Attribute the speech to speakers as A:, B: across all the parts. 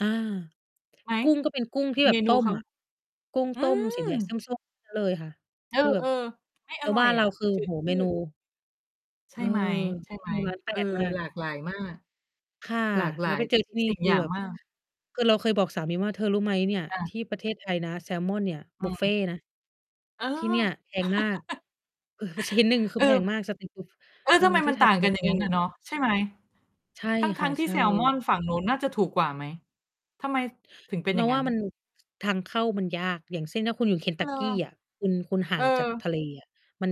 A: อา
B: ไหม?
A: กุ้งก็เป็นกุ้งที่แ
B: เ
A: บ
B: ม
A: บ
B: น
A: ต
B: ู
A: ้
B: เ
A: ม
B: ขา
A: อะ กุ้ง
B: อื
A: ต้มสี แดงส
B: ม
A: ้ม ๆ เลย ค่ะ
B: เอ
A: คือแบบ
B: อ ๆ ไม่
A: แ
B: อ
A: ล้ว
B: ร่อ
A: บ้า
B: ย
A: นเ
B: อ
A: รา
B: ะ
A: คือ
B: จ
A: โอ
B: ื
A: ้
B: ด
A: โฮ
B: ช
A: เ
B: ื
A: มน
B: ด
A: ู
B: ใช
A: เอ
B: ่
A: อ
B: ไหม ใช่
A: อ
B: ไ
A: ื
B: หม?
A: อ ล้านแป
B: เออ
A: ดมาก
B: หลากหลายมาก
A: ค่ะ
B: หลากหล
A: แล้
B: า
A: ว
B: ย
A: ไป เจอ
B: ท
A: ที
B: ุ
A: ่
B: ก
A: นี่
B: สิ่ง
A: คื
B: อ
A: อ
B: ย่าง
A: แบบ
B: มาก
A: คือเราเคยบอกสามีว่า "เธอรู้ไหมเนี่ย
B: อ
A: ท
B: า
A: ี่ประเทศไทยนะ แซลมอนเนี่ย
B: อื
A: บุฟเฟ
B: อ
A: ต์นะ
B: เออ
A: ที่เนี่ยแพงมาก เออ ชิ้นหนึ่งคื
B: เ
A: อ
B: อ
A: แพ
B: อ
A: งมาก" สตรีตฟูด
B: เออ
A: เออ
B: ทำไม
A: ที
B: มั
A: ่
B: น
A: ไท
B: ต่
A: ย
B: า
A: เป
B: ง
A: ็น
B: กั
A: บุ
B: น
A: ฟ
B: อย่
A: เ
B: า
A: ฟ
B: งงั้น
A: ต์
B: อะเนาะ ใช่ไหม?
A: ใช่
B: ท
A: ค
B: ั
A: ่
B: ้
A: ะ
B: ง ๆ ที
A: ใ
B: ่
A: ช่
B: แซลมอนฝั่งนู้น น่าจะถูกกว่าไหม? ทำไมถึงเป็นอ
A: เ
B: ย
A: ร
B: ่
A: า
B: างง
A: ว
B: ั้
A: ่า
B: น?
A: มัน ทางเข้ามันยาก อย่างเช่น ถ้าคุณอยู่เคน
B: เอ
A: ท
B: อ
A: ักกีอะ คุณ คุณห่
B: เอ
A: างจากท
B: อ
A: ะเลอะ มัน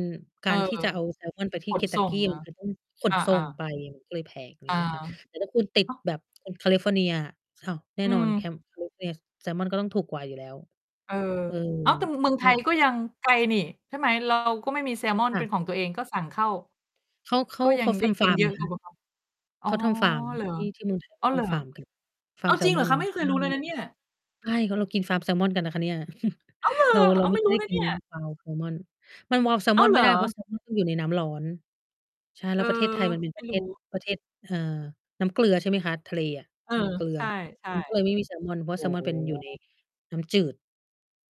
B: เ
A: ก
B: ออ
A: ารที่จะเอา แซลมอนไปที
B: ข
A: ่เค
B: น
A: นท
B: ส
A: ั
B: ่
A: กก
B: ง
A: ี
B: เหร
A: ม
B: อ?
A: ันต้อง ข
B: เอ
A: นส่
B: อ
A: งไ
B: ๆ
A: ป ก็เลยแพง อะไร
B: เอ
A: เงี้ยค่
B: อ
A: ะ แต่ถ้า คุณติด
B: ฮะ?
A: แบบแคลิฟอร์เนีย อ้าว แน่
B: อื
A: นอน แ
B: ม
A: คม แคลิ ฟอร์เนีย แซลมอนก็ต้องถูกกว่าอยู่แล้ว
B: เออ
A: เออ
B: อ้าว! แต่ ม เมือง
A: ใช
B: ไท
A: ่
B: ยก
A: ค
B: ็
A: ่ะ
B: ยังไกลนี่ ใช่ไหม? เรา ก็ไม่มีแซลมอน
A: ค่
B: เ
A: ะ
B: ป็นของตัวเอง ก็สั่งเข้า
A: เขา เข
B: ก
A: า
B: ็ยั
A: เข
B: ง
A: า
B: ได
A: ท
B: ้ก
A: ำฟ
B: ิ
A: า
B: น
A: ร์ม
B: เย
A: ไ
B: อ
A: ง
B: ะก
A: ค
B: ว่
A: ะ
B: า แบบว่า อ
A: เ
B: ๋อ
A: ขาทำฟาร์ม
B: เหรอ
A: ที่ ที่เมือง ไทย เข
B: อ๋อ
A: า ท
B: เหรอ
A: ำฟาร์ม กัน ฟา
B: อ
A: ร
B: ้
A: ์
B: า
A: ม
B: ว
A: แซ
B: จริ
A: ล
B: งเห
A: ม
B: รอ
A: อน
B: คะ? ไม่เค
A: ใช
B: ย
A: ่
B: รู้เลยนะเนี่ย
A: ใช่ ก็เรากินฟาร์มแซลมอนกันนะคะเนี่ย
B: อ้าวเหรอ!
A: เรา เรา
B: อ้าว
A: ไม
B: ไ
A: ่
B: ม่รู้
A: ได้
B: นะ
A: กิ
B: เน
A: น
B: ี่ย
A: wild salmon มัน wild
B: อ้าว
A: salmon
B: เ
A: ไ
B: ห
A: ม
B: ร
A: ่
B: อ!
A: ได้ เพราะ แซลมอน ต้องอยู่ในน้ำร้อน ใช่ แ
B: เ
A: ล
B: อ
A: ้
B: อ
A: วประเทศไทยมันเป็น
B: ไม
A: ป
B: ่
A: ระ เท
B: รู
A: ศ
B: ้
A: ประเทศ เอ่อ น้ำเกลือใช่ไหมคะ? ทะเลอะ
B: เออ
A: มันเกลื
B: ใช
A: อ
B: ่
A: มัน ก็เลย
B: ๆ
A: ไม่มีแซลมอน เพรา
B: โอ้
A: ะแซลมอนเป็นอยู่ ใน น้ำจืด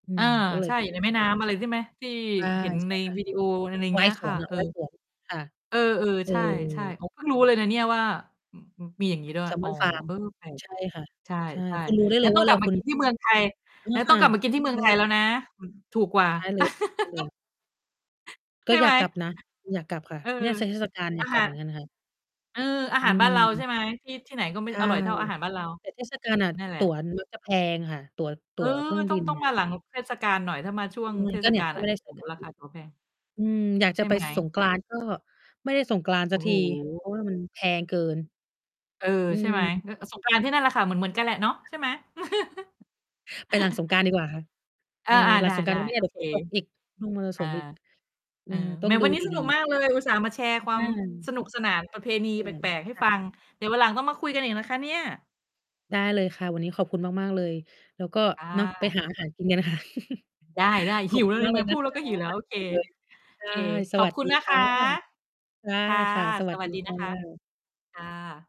A: อื
B: เออ
A: ม ก็เล
B: ใ
A: ย
B: ช่
A: แบ
B: อย
A: บ
B: ู่ในแม่
A: ฟ
B: น
A: า
B: ้
A: ร์ม
B: ำ อะไรใช่ไหม? ที่
A: อา
B: เห็น
A: ใช
B: ใ
A: ่
B: น VDO อ
A: ค
B: ะไร
A: ่ะ
B: อย่างเ
A: ว
B: ง
A: ่
B: ี้
A: าย
B: ย
A: ส
B: ค่
A: ว
B: ะ
A: นเหร
B: เ
A: อ
B: ออ
A: ว่ายสวน ค่ะ
B: เออ
A: เอ
B: ๆ ใช่
A: อ
B: ๆ อ๋อ เพิ่งรู้เลยนะเนี่ยว่า ม มีอย่างงี้ด้วย
A: แซล
B: อ
A: ม
B: ๋อ
A: อนฟาร์ม
B: เออ แปลก
A: ใช่ ค่ะ
B: ใช
A: ใช่
B: ่
A: คุณรู้ได้
B: ๆ
A: เ
B: ง
A: ล
B: ั้น
A: ยว
B: ต้
A: ่
B: อ
A: า เ
B: ง
A: ว
B: ก
A: ล
B: ลับ
A: า
B: ม
A: ค
B: า
A: ุณ
B: กิน ที่เมืองไทย
A: เออ
B: งั้น
A: ค
B: ต้
A: ่
B: อ
A: ะ
B: งกลับมากินที่เม
A: ใ
B: ื
A: ช
B: องไทยแล้
A: ่
B: วนะ มัน ถูกกว่า
A: ใช่เลยค่ะ ใช่เลย ก
B: ใ
A: ็
B: ช่
A: อ
B: ไ
A: ย
B: ห
A: า
B: ม?
A: กกลับนะ อยากกลับค่ะ
B: เออ
A: น่าจะเทศกาลเน
B: อ
A: ี่
B: า
A: ย กล
B: ห
A: ั
B: า
A: บเหม
B: ร
A: ือนกันค่ะ
B: เออ อา
A: อ
B: หารบ้านเราใ
A: ื
B: ช
A: ม
B: ่ไหม? ที่ ที่ไหนก็ไม่
A: ใช่
B: อร่อยเท่าอาหารบ้านเรา
A: แต่เทศกาล น่ะ
B: นั่นแหล
A: ต
B: ะ
A: ั๋ว แบบ จะแพงค่ะ ตั๋ว ต
B: เ
A: ั
B: อ
A: ๋
B: อ
A: วเครื่อง
B: ต
A: บ
B: ้อ
A: ิ
B: ง
A: น
B: ต้อง
A: น่
B: ม
A: ะ
B: าหลังเทศกาลหน่อย ถ้ามาช่วงเท
A: ก
B: ศ
A: ็เนี่
B: กา
A: ย
B: ล
A: ก็
B: น
A: ไ
B: ่
A: ม
B: ะ
A: ่ได้ ส
B: โอ
A: า
B: ้
A: ย
B: โฮ
A: การ
B: รา
A: บ
B: ค
A: ิ
B: า
A: น
B: ตั๋วแพง
A: อืม อยาก
B: ใช
A: จะ
B: ่
A: ไป
B: ไหม?
A: สงกรานต์ ก็ไม่ได้สงกรานต์ส
B: โอ
A: ั
B: ้
A: ก
B: โ
A: ที เ
B: ฮ
A: พราะว่ามันแพงเกิน
B: เออ
A: อื
B: ใช่
A: ม
B: ไหม? เออ สงกรานต์ ที่นั่นแหละค่ะ เหมือน ๆ กันแหละเนาะ
A: ค
B: ใ
A: ่
B: ช
A: ะ
B: ่ไหม?
A: ไปหลังสงกรานต์ดีกว่าค่ะ เ
B: อ
A: ออ
B: า
A: หล
B: ๆ
A: ั
B: ได
A: งสงกราน
B: ้
A: ต์ก็ ไม่แ
B: ๆ
A: น
B: โ
A: ่
B: อ
A: แบบ
B: เค
A: ฝน ตกอีก ลมมร
B: อ
A: สุ
B: า
A: มอีก เอ
B: อื
A: อ
B: อ
A: ต้
B: แ
A: อ
B: หม
A: งดู
B: วันนี้
A: ด
B: ส
A: ี
B: นุก
A: ๆ
B: มากเลย อุตส่าห์มาแชร์คว
A: อ
B: าม
A: า
B: สนุกสนาน ประเพณี
A: เอ
B: แป
A: อ
B: ลก
A: ค
B: ๆ ให้
A: ่
B: ฟั
A: ะ
B: ง เดี๋ยววันหลังต้องมาคุยกันอีกนะคะเนี่ย
A: ได้เลยค่ะ วันนี้ขอบคุณมาก ๆ เลย แล้วก็
B: ค่
A: เนาะไป
B: ะ
A: หาอาหารกินกันค่ะ
B: ได้
A: ข
B: ๆ ห
A: อ
B: ิ
A: บ
B: ว
A: คุ
B: เ
A: ณ
B: ล
A: ม
B: ย
A: าก
B: ไ
A: เ
B: ห
A: ล
B: ม
A: ยน
B: พู
A: ะ
B: ด
A: ค
B: แล้ว
A: ะ
B: ก็หิวแล้ว โอเค
A: หิวเลย ใ
B: โ
A: ช
B: อ
A: ่
B: เค
A: ส
B: ขอ
A: ว
B: บ
A: ัส
B: คุ
A: ดี
B: ณนะ
A: ค
B: ค
A: ่ะ
B: ะ
A: ค
B: ค่ะ
A: ่ะ ๆ สว
B: ส
A: ัส
B: ว
A: ด
B: ั
A: ี
B: สดี
A: ค
B: น
A: ่
B: ะคะ
A: ะ
B: ค่ะ